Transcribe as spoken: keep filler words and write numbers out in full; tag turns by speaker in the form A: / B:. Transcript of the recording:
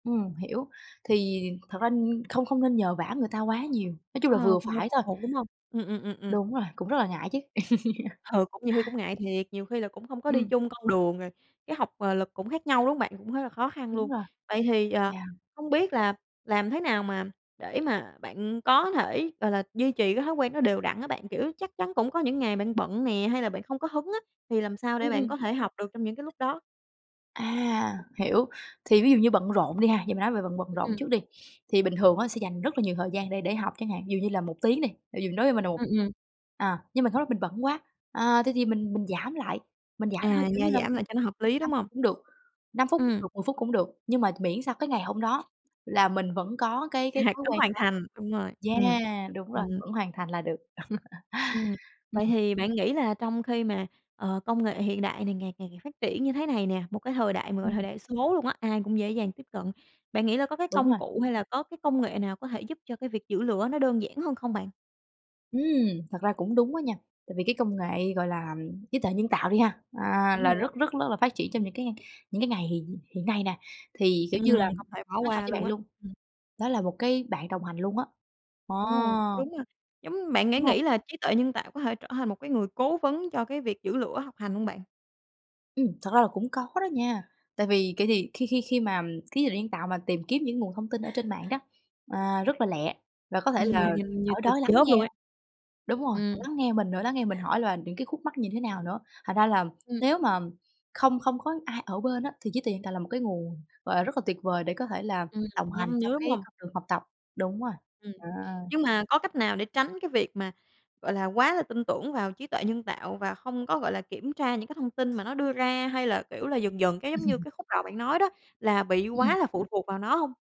A: Ừm, hiểu, thì thật ra n không không nên nhờ vả người ta quá nhiều, nói chung là
B: Ờ,
A: vừa
B: không nên
A: phải
B: phụ
A: thôi.
B: thuộc, đúng không? Ừm, ừm, ừm, ừm.
A: Đúng rồi, cũng rất là ngại chứ.
B: Ừ. cũng nhiều khi cũng ngại thiệt, nhiều khi là cũng không có đi
A: Ừm.
B: chung con đường rồi, cái học, à, lực cũng khác nhau, đúng hông bạn? Cũng thấy là khó khăn
A: Đúng
B: luôn.
A: rồi.
B: Vậy thì, à,
A: Yeah.
B: hông biết là làm thế nào mà để mà bạn có thể, gọi là, duy trì cái thói quen nó đều đặn á bạn? Kiểu, chắc chắn cũng có những ngày bạn bận nè hay là bạn không có hứng á, thì làm sao
A: Ừm,
B: để bạn
A: ừm.
B: có thể học được trong những cái lúc đó?
A: À! Hiểu, thì ví dụ như bận rộn đi ha, giờ mình nói về bận bận
B: Ừm,
A: rộn
B: ừm.
A: trước đi. Thì bình thường á sẽ dành rất là nhiều thời gian để để học chẳng hạn, dụ như là một tiếng đi, [unintelligible] đối với mình là một
B: Ừm, ừm.
A: à, nhưng mà sau đó mình bận quá, à, thế thì mình mình giảm lại, mình giảm thôi,
B: À,
A: kiểu như
B: gia
A: là,
B: giảm lại cho nó hợp
A: mười
B: lý,
A: lăm
B: đúng
A: phút
B: hông?
A: cũng được, năm phút cũng
B: Ừm.
A: được, mười phút cũng được, nhưng mà miễn sao cái ngày hôm đó là mình vẫn có cái cái
B: À,
A: thói
B: có
A: quen
B: hoàn
A: đó.
B: thành, đúng rồi, ừm.
A: Yeah, đúng rồi,
B: Ừm.
A: vẫn hoàn thành là được.
B: Ừm,
A: Ừm,
B: vậy
A: ừm.
B: thì bạn nghĩ là trong khi mà, ờ, công nghệ hiện đại này ngày càng ngày phát triển như thế này nè, một cái thời đại mà gọi
A: Ừm,
B: thời
A: ừm.
B: đại số luôn á, ai cũng dễ dàng tiếp cận, bạn nghĩ là có cái
A: Đúng
B: công
A: rồi.
B: cụ hay là có cái công nghệ nào có thể giúp cho cái việc giữ lửa nó đơn giản hơn không bạn?
A: Ừm, thật ra cũng đúng á nha, tại vì cái công nghệ, gọi là, trí tuệ nhân tạo đi ha, à,
B: Đúng
A: là
B: rồi đó.
A: rất rất rất ló là phát triển trong những cái ngay những cái ngày hiện hiện nay nè, thì, kiểu như là,
B: Ừm, không thể bỏ
A: nói thật
B: qua
A: với
B: luôn
A: bạn
B: á.
A: luôn,
B: Ừm.
A: đó là một cái bạn đồng hành luôn á,
B: Ồ!
A: ờ.
B: Đúng ha, giống bạn sẽ nghĩ
A: Đúng hông?
B: nghĩ là trí tuệ nhân tạo có thể trở thành một cái người cố vấn cho cái việc giữ lửa học hành hông bạn?
A: Ừm, thật ra là cũng có đó nha, tại vì cải thì khi khi khi mà khí tuệ nhân tạo mà tìm kiếm những nguồn thông tin ở trên mạng đó, à, rất là lẹ và có thể
B: Ừm,
A: là
B: nhanh như
A: ở
B: tên
A: đó lắng
B: chớp luôn
A: nghe
B: ấy.
A: đúng rồi, họ
B: Ừm.
A: lắng nghe mình nữa, lắng nghe mình hỏi là những cái khúc mắc như thế nào nữa, thành ra là
B: Ừm.
A: nếu mà không không có ai ở bên á thì trí tuệ nhân tạo là một cái nguồn, gọi là, rất là tuyệt vời để có thể là
B: Ừm,
A: đồng hành
B: nhanh
A: trong
B: nữa, đúng
A: cái
B: hông?
A: con đường học tập, đúng rồi,
B: Ừm,
A: đó.
B: nhưng mà có cách nào để tránh cái việc mà, gọi là, quá là tin tưởng vào trí tuệ nhân tạo và không có, gọi là, kiểm tra những cái thông tin mà nó đưa ra? Hay là, kiểu là, dần dần cái giống như cái khúc đầu bạn nói đó là bị
A: Ừm, ừm.
B: quá là phụ thuộc vào nó hông?